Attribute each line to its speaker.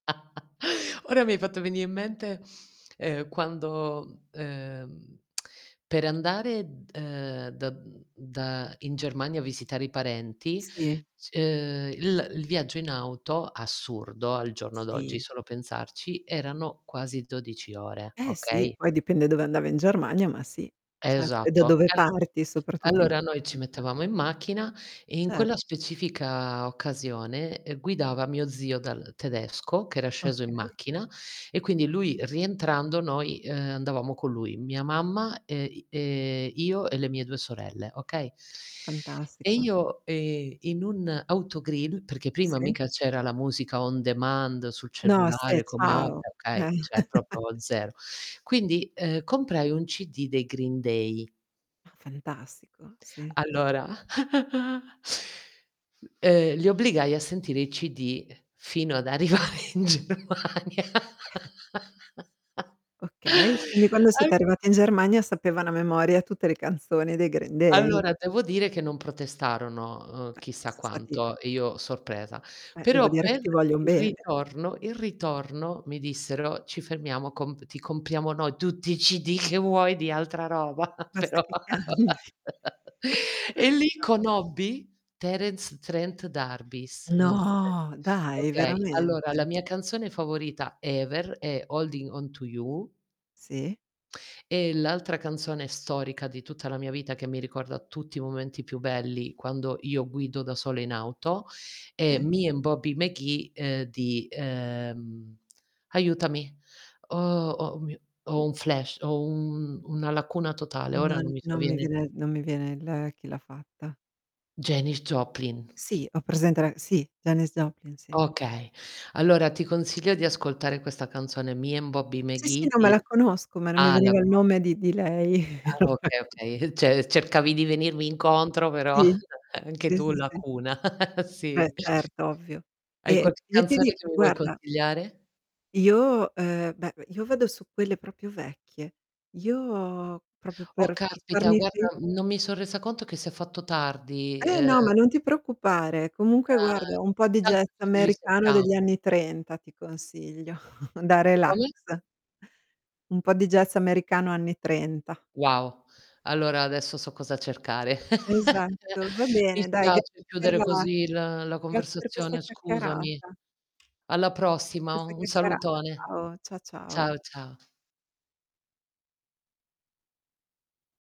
Speaker 1: Ora mi hai fatto venì in mente, ehm, quando, mhmm, ehm, per andare d uhm, da mhmm, da in Germania a visitare i parenti
Speaker 2: Sì.
Speaker 1: s uhm, il uhm, il viaggio in auto, assurdo al giorno d'oggi
Speaker 2: Sì.
Speaker 1: solo pensarci, erano quasi 12 ore,
Speaker 2: Eh, sì.
Speaker 1: okay?
Speaker 2: Poi dipende dove andava in Germania, ma sì. Ce e da
Speaker 1: Esatto.
Speaker 2: dove
Speaker 1: E al
Speaker 2: parti soprattutto in
Speaker 1: allora, noi ci
Speaker 2: Italia.
Speaker 1: mettevamo in macchina e in
Speaker 2: Ce
Speaker 1: quella specifica occasione, ehm, guidava mio zio dal tedesco, che era sceso in
Speaker 2: Okay.
Speaker 1: macchina e quindi lui rientrando noi, uhm, andavamo con lui. Mia mamma e i ehm, io e le mie 2 sorelle, okay e
Speaker 2: Fantastico.
Speaker 1: io, ehm, in un autogrill, perché prima
Speaker 2: Sì.
Speaker 1: mica c'era la musica on demand sul
Speaker 2: No, se
Speaker 1: cellulare come ora,
Speaker 2: ciao. Eh.
Speaker 1: okay, cioè proprio 0. Quindi, ehm, comprai 1 CD dei Green Day.
Speaker 2: Ah, fantastico, sì.
Speaker 1: Allora uhm, li obbligai a sentire i CD fino ad arrivare in Germania
Speaker 2: Okay, quindi quando
Speaker 1: a
Speaker 2: siete arrivate in Germania, sapevano a memoria tutte le canzoni dei Green Day.
Speaker 1: Allora devo dire che non protestarono, uhm,
Speaker 2: Eh,
Speaker 1: chissà
Speaker 2: so stati
Speaker 1: quanto e io sorpresa.
Speaker 2: Eh, devo
Speaker 1: Però
Speaker 2: dire che
Speaker 1: per
Speaker 2: ti voglion
Speaker 1: il
Speaker 2: bene.
Speaker 1: ritorno il ritorno mi dissero: "Ci fermiamo comp ti compriamo noi tutti i CD che vuoi di altra roba,
Speaker 2: Basta
Speaker 1: però"
Speaker 2: che cambi.
Speaker 1: e lì
Speaker 2: [unintelligible]
Speaker 1: conobbi Terence Trent D'Arby. Non so se
Speaker 2: No, dai,
Speaker 1: okay.
Speaker 2: veramente.
Speaker 1: Allora la mia canzone
Speaker 2: A
Speaker 1: favorita ever, è Holding on to you
Speaker 2: Sì.
Speaker 1: e l'altra canzone storica di tutta la mia vita, che mi ricorda tutti i momenti più belli, quando io guido da sola in auto, è
Speaker 2: Sì.
Speaker 1: Me and Bobby McGee, uhm, di ehm, aiutami. Oh, o mio
Speaker 2: Mh.
Speaker 1: ho un flash. Ho un una lacuna totale, ora
Speaker 2: Non
Speaker 1: non mi
Speaker 2: non mi
Speaker 1: sovviene.
Speaker 2: viene non mi viene l chi l'ha fatta.
Speaker 1: Janis Joplin.
Speaker 2: Sì, ho presente la sì, Janis Joplin, sì.
Speaker 1: Okay. Allora ti consiglio di ascoltare questa canzone: Me and Bobby
Speaker 2: Sì, sì,
Speaker 1: McGee
Speaker 2: no, me la
Speaker 1: di
Speaker 2: conosco, ma non mi
Speaker 1: ah, la
Speaker 2: veniva il
Speaker 1: conosc
Speaker 2: nome di di lei.
Speaker 1: Ah, okay,
Speaker 2: [unintelligible]
Speaker 1: okay. Uhm, ce cercavi di venirmi incontro, però
Speaker 2: Sì.
Speaker 1: anche
Speaker 2: Sì,
Speaker 1: tu
Speaker 2: sì, sì.
Speaker 1: lacuna.
Speaker 2: Beh,
Speaker 1: Sì.
Speaker 2: certo, ovvio.
Speaker 1: Hai
Speaker 2: E
Speaker 1: qualche
Speaker 2: io ti
Speaker 1: canzone
Speaker 2: dico,
Speaker 1: che mi vuoi
Speaker 2: guarda
Speaker 1: consigliare?
Speaker 2: io, uhm, beh, v io vado su quelle proprio vecchie. Io proprio
Speaker 1: Oh,
Speaker 2: per per
Speaker 1: caspita!
Speaker 2: farmi fi
Speaker 1: Guarda, mhmm, no mi so' resa conto che s'è fatto tardi,
Speaker 2: Eh,
Speaker 1: uhm
Speaker 2: no, ma non ti preoccupare. Comunque
Speaker 1: Ah,
Speaker 2: guarda, un po'
Speaker 1: e
Speaker 2: di
Speaker 1: tanto
Speaker 2: jazz
Speaker 1: ci
Speaker 2: americano
Speaker 1: risetam
Speaker 2: degli anni 30 ti consiglio. Da relax.
Speaker 1: Come?
Speaker 2: Un po' di jazz americano anni 30.
Speaker 1: Wow. Allora adesso so cosa cercare.
Speaker 2: Esatto, va
Speaker 1: Mi
Speaker 2: bene, dai. Ga
Speaker 1: spiace
Speaker 2: per
Speaker 1: chiudere
Speaker 2: la
Speaker 1: così la la
Speaker 2: grazie per questa
Speaker 1: conversazione,
Speaker 2: chiacchierata.
Speaker 1: scusami. Alla
Speaker 2: Grazie per
Speaker 1: prossima,
Speaker 2: questa
Speaker 1: u un
Speaker 2: chiacchierata.
Speaker 1: salutone.
Speaker 2: Ciao, cia ciao.
Speaker 1: Ciao, ciao.